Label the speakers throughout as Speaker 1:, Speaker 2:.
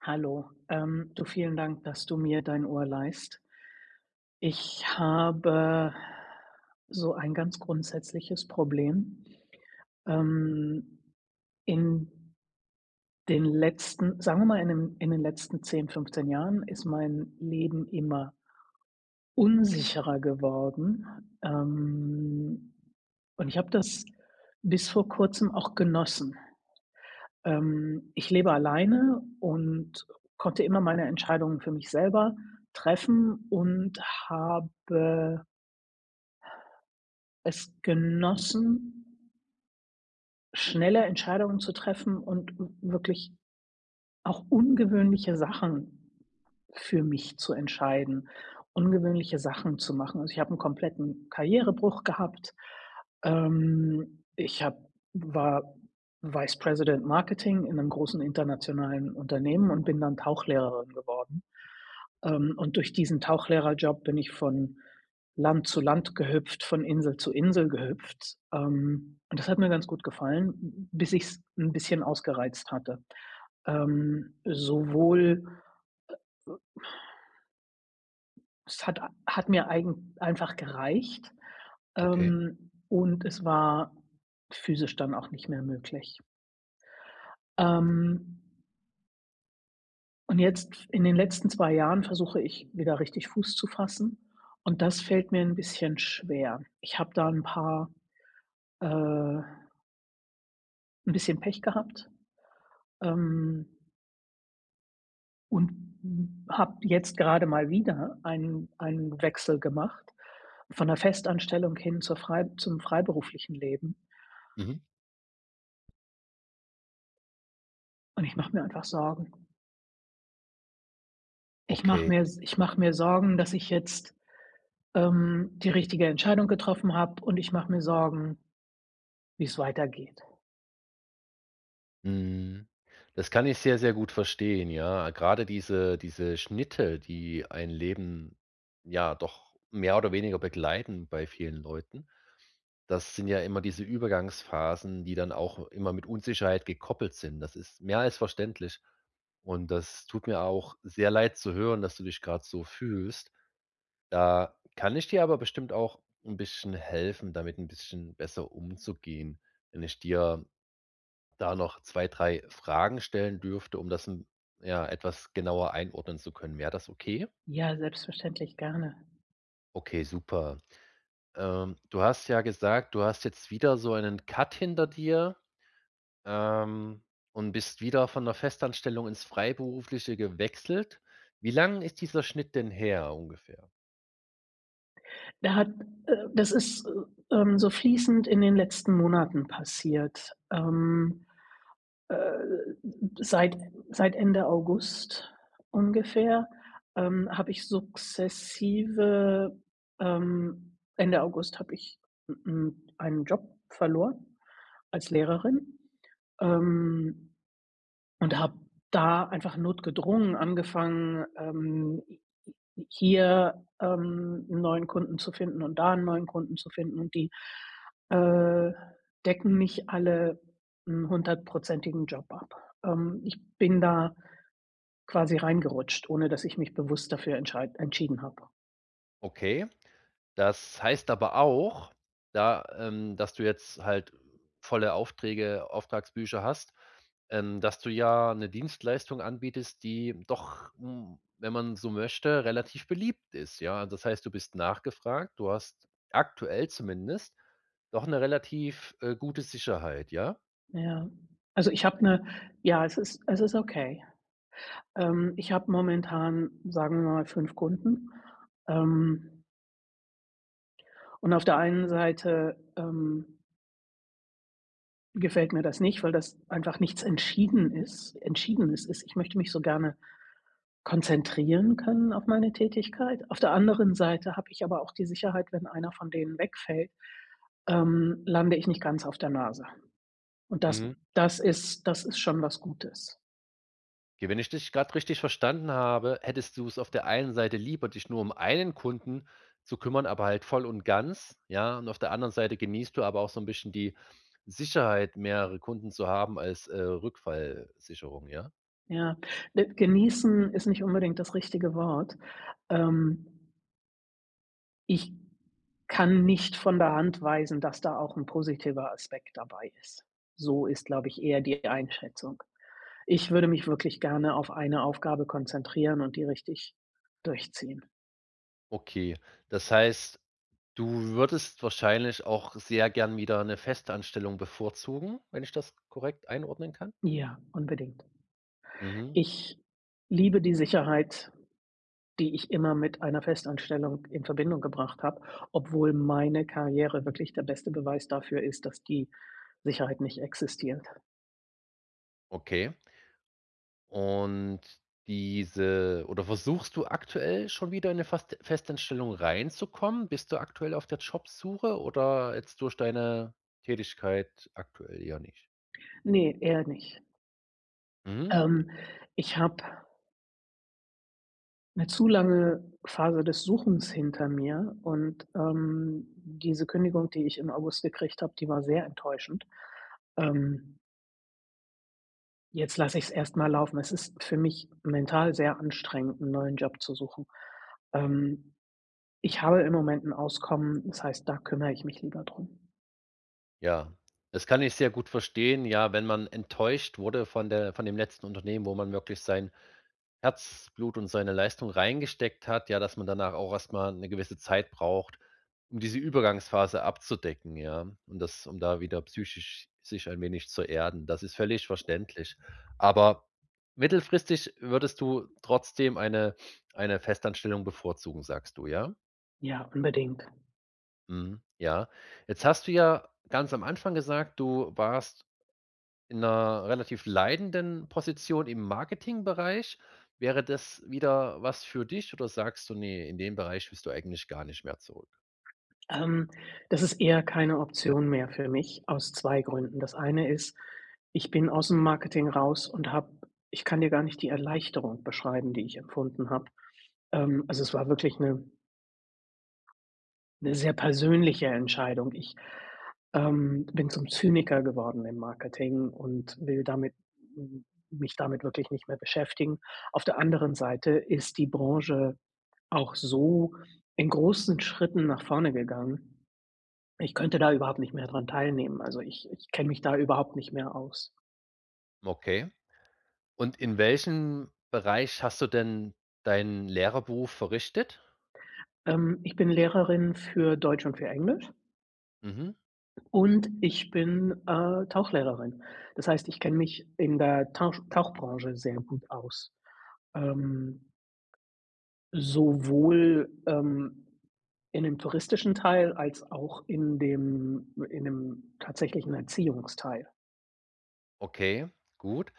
Speaker 1: Hallo, ähm, du, vielen Dank, dass du mir dein Ohr leihst. Ich habe so ein ganz grundsätzliches Problem. Ähm, in den letzten sagen wir mal, in den in den letzten 10, 15 Jahren ist mein Leben immer unsicherer geworden, ähm, und ich habe das bis vor Kurzem auch genossen. Ähm, ich lebe alleine und konnte immer meine Entscheidungen für mich selber treffen und habe es genossen schneller Entscheidungen zu treffen und w wirklich auch ungewöhnliche Sachen für mich zu entscheiden, ungewöhnliche Sachen zu machen. Also, ich habe 'n kompletten Karrierebruch gehabt, ähm, ich habe war Vice President Marketing in 'nem großen internationalen Unternehmen und bin dann Tauchlehrerin geworden. Ähm, und durch diesen Tauchlehrer-Job bin ich von Land zu Land gehüpft, von Insel zu Insel gehüpft. Ähm, und das hat mir ganz gut gefallen, hm, bis ich's 'n bisschen ausgereizt hatte. Ähm, sowohl, äh, ö es hat a hat mir eigen einfach gereicht.
Speaker 2: Okay.
Speaker 1: Ähm, und es war physisch dann auch nicht mehr möglich. Ähm Und jetzt, f in den letzten 2 Jahren, versuche ich, wieder richtig Fuß zu fassen, und das fällt mir 'n bisschen schwer. Ich habe da 'n paar, äh 'n bisschen Pech gehabt, ähm und m habe jetzt gerade mal wieder einen einen Wechsel gemacht von der Festanstellung hin zur frei zum freiberuflichen Leben
Speaker 2: Mhm.
Speaker 1: und ich mache mir einfach Sorgen. Ich mache
Speaker 2: Okay.
Speaker 1: mir s ich mach mir Sorgen, dass ich jetzt, ähm, die richtige Entscheidung getroffen habe, und ich mach mir Sorgen, wie's weitergeht.
Speaker 2: Mhm. Das kann ich sehr, sehr gut verstehen, ja. Grade diese diese Schnitte, die ein Leben, ja, doch mehr oder weniger begleiten bei vielen Leuten, das sind ja immer diese Übergangsphasen, die dann auch immer mit Unsicherheit gekoppelt sind. Das ist mehr als verständlich und das tut mir auch sehr leid zu hören, dass du dich grad so fühlst. Da kann ich dir aber bestimmt auch 'n bisschen helfen, damit 'n bisschen besser umzugehen. Wenn ich dir da noch 2, 3 Fragen stellen dürfte, um das, hm, ja, etwas genauer einordnen zu können. Wäre das okay?
Speaker 1: Ja, selbstverständlich gerne.
Speaker 2: Okay, super. Ähm, du hast ja gesagt, du hast jetzt wieder so einen Cut hinter dir, ähm, und bist wieder von der Festanstellung ins Freiberufliche gewechselt. Wie lang ist dieser Schnitt denn her ungefähr?
Speaker 1: Da hat, äh das ist, äh, ähm, so fließend in den letzten Monaten passiert. Ähm, äh, m m, seit seit Ende August ungefähr, ähm, habe ich sukzessive, ähm Ende August habe ich, m m einen Job verloren als Lehrerin, ähm, und habe da einfach notgedrungen angefangen, ähm, h h hier, ähm, 'n neuen Kunden zu finden und da 'n neuen Kunden zu finden und die, äh, decken nicht alle 'n hundertprozentigen Job ab. Ähm, ich bin da quasi reingerutscht, ohne dass ich mich bewusst dafür entscheid entschieden habe.
Speaker 2: Okay, das heißt aber auch, da, ähm dass du jetzt halt, äh, volle Aufträge Auftragsbücher hast, ähm, dass du ja 'ne Dienstleistung anbietest, die doch, hm, wenn man so möchte, relativ beliebt ist, ja? Das heißt, du bist nachgefragt, du hast aktuell zumindest doch 'ne relativ, äh, gute Sicherheit, ja?
Speaker 1: Ja, also, ich habe 'ne ja, es ist es ist okay. Ähm, ich habe momentan, sagen wir mal, 5 Kunden, ähm. Und auf der einen Seite, ähm gefällt mir das nicht, weil das einfach nichts entschieden ist entschiedenes ist, ich möchte mich so gerne konzentrieren können auf meine Tätigkeit. Auf der anderen Seite habe ich aber auch die Sicherheit, wenn einer von denen wegfällt, ähm, lande ich nicht ganz auf der Nase und das
Speaker 2: Mhm.
Speaker 1: das ist das ist schon was Gutes.
Speaker 2: Ja, wenn ich dich grad richtig verstanden habe, hättest du's auf der einen Seite lieber, dich nur um einen Kunden zu kümmern, aber halt voll und ganz, ja? Und auf der anderen Seite genießt du aber auch so 'n bisschen die Sicherheit, mehrere Kunden zu haben, als, äh, Rückfallsicherung, ja?
Speaker 1: Ja, äh, genießen ist nicht unbedingt das richtige Wort, ähm Ich kann nicht von der Hand weisen, dass da auch 'n positiver Aspekt dabei ist. So ist, glaube ich, eher die Einschätzung. Ich würde mich wirklich gerne auf eine Aufgabe konzentrieren und die richtig durchziehen.
Speaker 2: Okay, das heißt, du würdest wahrscheinlich auch sehr gerne wieder 'ne Festanstellung bevorzugen, wenn ich das korrekt einordnen kann?
Speaker 1: Ja, unbedingt.
Speaker 2: Mhm.
Speaker 1: Ich liebe die Sicherheit, die ich immer mit einer Festanstellung in Verbindung gebracht habe, obwohl meine Karriere wirklich der beste Beweis dafür ist, dass die Sicherheit nicht existiert.
Speaker 2: Okay. Und diese oder versuchst du aktuell schon wieder in 'ne Fast Festeinstellung reinzukommen? Bist du aktuell auf der Jobsuche oder jetzt durch deine Tätigkeit aktuell ja nicht?
Speaker 1: Ne, eher nicht.
Speaker 2: Mhm.
Speaker 1: Ähm, ich habe 'ne zu lange Phase des Suchens hinter mir und, ähm, diese Kündigung, die ich im August gekriegt habe, die war sehr enttäuschend. Ähm Jetzt lasse ich's erst mal laufen. Es ist für mich mental sehr anstrengend 'n neuen Job zu suchen. Ähm, ich habe im Moment 'n Auskommen, das heißt, da kümmere ich mich lieber drum.
Speaker 2: Ja, das kann ich sehr gut verstehen. Ja, wenn man enttäuscht wurde von der von dem letzten Unternehmen, wo man wirklich sein Herzblut und seine Leistung reingesteckt hat, ja, dass man danach auch erst mal 'ne gewisse Zeit braucht, um diese Übergangsphase abzudecken, ja? Um das um da wieder psychisch sich ein wenig zu erden. Das ist völlig verständlich, aber mittelfristig würdest du trotzdem eine eine Festanstellung bevorzugen, sagst du, ja?
Speaker 1: Ja, unbedingt.
Speaker 2: Mhm, ja. Jetzt hast du ja ganz am Anfang gesagt, du warst in 'ner relativ leitenden Position im Marketingbereich. Wäre das wieder was für dich oder sagst du, ne, in den Bereich willst du eigentlich gar nicht mehr zurück?
Speaker 1: Ähm, das ist eher keine Option mehr für mich aus 2 Gründen. Das eine ist, ich bin ausm Marketing raus und habe ich kann dir gar nicht die Erleichterung beschreiben, die ich empfunden habe. Ähm, also es war wirklich 'ne 'ne sehr persönliche Entscheidung. Ich, ähm, bin zum Zyniker geworden im Marketing und will damit hm, mich damit wirklich nicht mehr beschäftigen. Auf der anderen Seite ist die Branche auch so in großen Schritten nach vorne gegangen, ich könnte da überhaupt nicht mehr dran teilnehmen, also ich ich kenne mich da überhaupt nicht mehr aus.
Speaker 2: Okay, und in welchem Bereich hast du denn deinen Lehrerberuf verrichtet?
Speaker 1: Ähm, ich bin Lehrerin für Deutsch und für Englisch
Speaker 2: Mhm.
Speaker 1: und ich bin, äh, Tauchlehrerin. Das heißt, ich kenne mich in der Tausch Tauchbranche sehr gut aus. Ähm sowohl, ähm, in 'nem touristischen Teil, als auch in dem in 'nem tatsächlichen Erziehungsteil.
Speaker 2: Okay, gut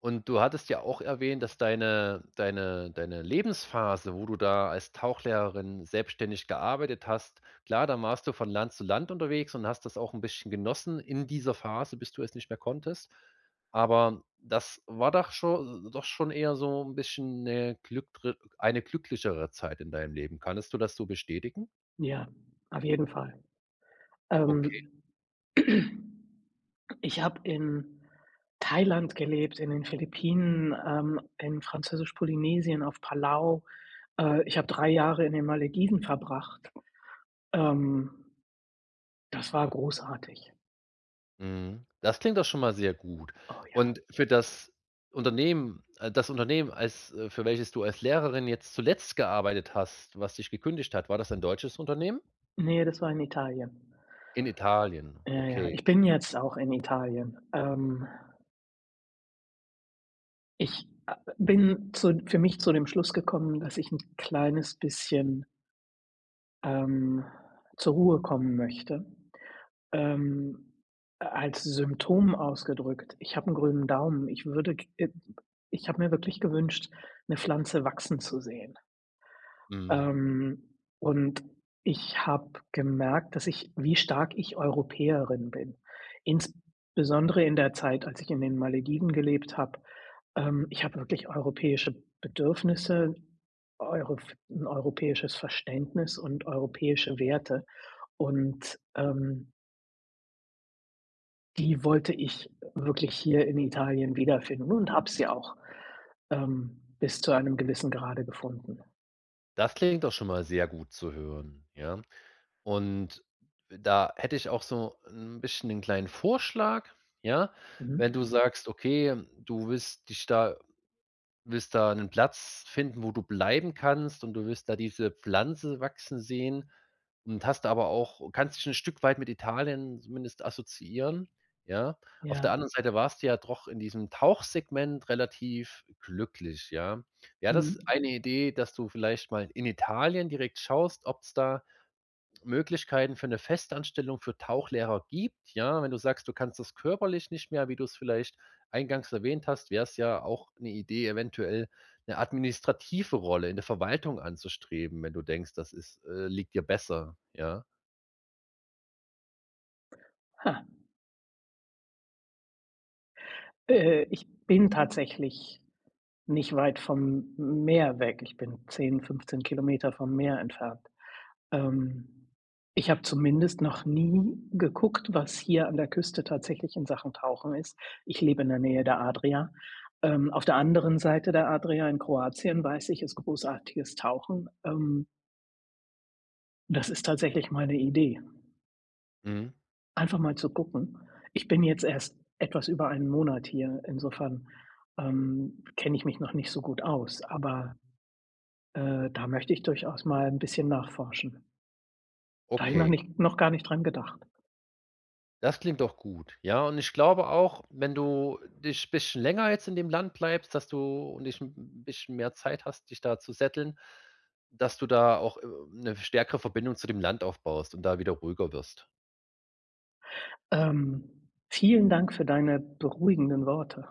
Speaker 2: und du hattest ja auch erwähnt, dass deine deine deine Lebensphase, wo du da als Tauchlehrerin selbstständig gearbeitet hast klar, dann warst du von Land zu Land unterwegs und hast das auch 'n bisschen genossen in dieser Phase, bis du es nicht mehr konntest. Aber das war doch scho äh, doch schon eher so 'n bisschen 'ne glückre eine glücklichere Zeit in deinem Leben. Könntest du das so bestätigen?
Speaker 1: Ja, auf jeden Fall,
Speaker 2: Okay.
Speaker 1: ähm. Ich habe in Thailand gelebt, in den Philippinen, ähm, in Französisch-Polynesien, auf Palau, äh. Ich habe 3 Jahre in den Malediven verbracht, ähm. Das war großartig.
Speaker 2: Mhm. Das klingt doch schon mal sehr gut.
Speaker 1: Oh, ja.
Speaker 2: Und für das Unternehmen äh, das Unternehmen als äh, für welches du als Lehrerin jetzt zuletzt gearbeitet hast, was dich gekündigt hat, war das ein deutsches Unternehmen?
Speaker 1: Ne, das war in Italien.
Speaker 2: In Italien,
Speaker 1: Ja, ja,
Speaker 2: okay.
Speaker 1: ich bin jetzt auch in Italien, ähm. Ich, ah ah, bin zu für mich zu dem Schluss gekommen, dass ich 'n kleines bisschen ähm, zur Ruhe kommen möchte. Ähm, äh als Symptom ausgedrückt. Ich habe 'n grünen Daumen, ich würde k äh, ich habe mir wirklich gewünscht 'ne Pflanze wachsen zu sehen
Speaker 2: Mhm.
Speaker 1: ähm, und ich habe gemerkt, dass ich wie stark ich Europäerin bin, insbesondere in der Zeit, als ich in den Malediven gelebt habe. Ähm, ich habe wirklich europäische Bedürfnisse, Euro f europäisches Verständnis und europäische Werte und, ähm die wollte ich wirklich hier in Italien wiederfinden und habe sie auch, ähm, bis zu einem gewissen Grade gefunden.
Speaker 2: Das klingt doch schon mal sehr gut zu hören, ja. Und, da hätte ich auch so 'n bisschen ‘nen kleinen Vorschlag, ja?
Speaker 1: Mhm.
Speaker 2: Wenn du sagst, okay, du wirst dich da wirst da 'nen Platz finden, wo du bleiben kannst und du wirst da diese Pflanze wachsen sehen und hast aber auch kannst dich 'n Stück weit mit Italien zumindest assoziieren, ja? Auf der
Speaker 1: Ja.
Speaker 2: anderen Seite warst du ja doch in diesem Tauchsegment relativ glücklich, ja? Wäre das ist
Speaker 1: Mhm.
Speaker 2: eine Idee, dass du vielleicht mal in Italien direkt schaust, ob's da Möglichkeiten für 'ne Festanstellung für Tauchlehrer gibt, ja? Wenn du sagst, du kannst das körperlich nicht mehr, wie du's vielleicht eingangs erwähnt hast, wär's ja auch 'ne Idee, eventuell 'ne administrative Rolle in der Verwaltung anzustreben, wenn du denkst, das ist, äh liegt dir besser, ja?
Speaker 1: Ha. Äh, ich bin tatsächlich nicht weit vom M Meer weg, ich bin 10 km, 15 km vom Meer entfernt. Ähm. Ich habe zumindest noch nie geguckt, was hier an der Küste tatsächlich in Sachen Tauchen ist. Ich lebe in der Nähe der Adria. Ähm, auf der anderen Seite der Adria, in Kroatien, weiß ich, ist großartiges Tauchen. Ähm. Das ist tatsächlich mal 'ne Idee.
Speaker 2: Mhm.
Speaker 1: Einfach mal zu gucken. Ich bin jetzt erst etwas über 1 Monat hier, insofern, ähm, kenne ich mich noch nicht so gut aus, aber, äh, da möchte ich durchaus mal 'n bisschen nachforschen. Da habe ich noch
Speaker 2: Okay.
Speaker 1: nicht noch gar nicht dran gedacht.
Speaker 2: Das klingt doch gut. Ja, und ich glaube auch, wenn du dich bisschen länger jetzt in dem Land bleibst, dass du und dich 'n b b bisschen mehr Zeit hast, dich da zu settlen, dass du da auch, äh, 'ne stärkere Verbindung zu dem Land aufbaust und da wieder ruhiger wirst.
Speaker 1: Ähm, vielen Dank für deine beruhigenden Worte.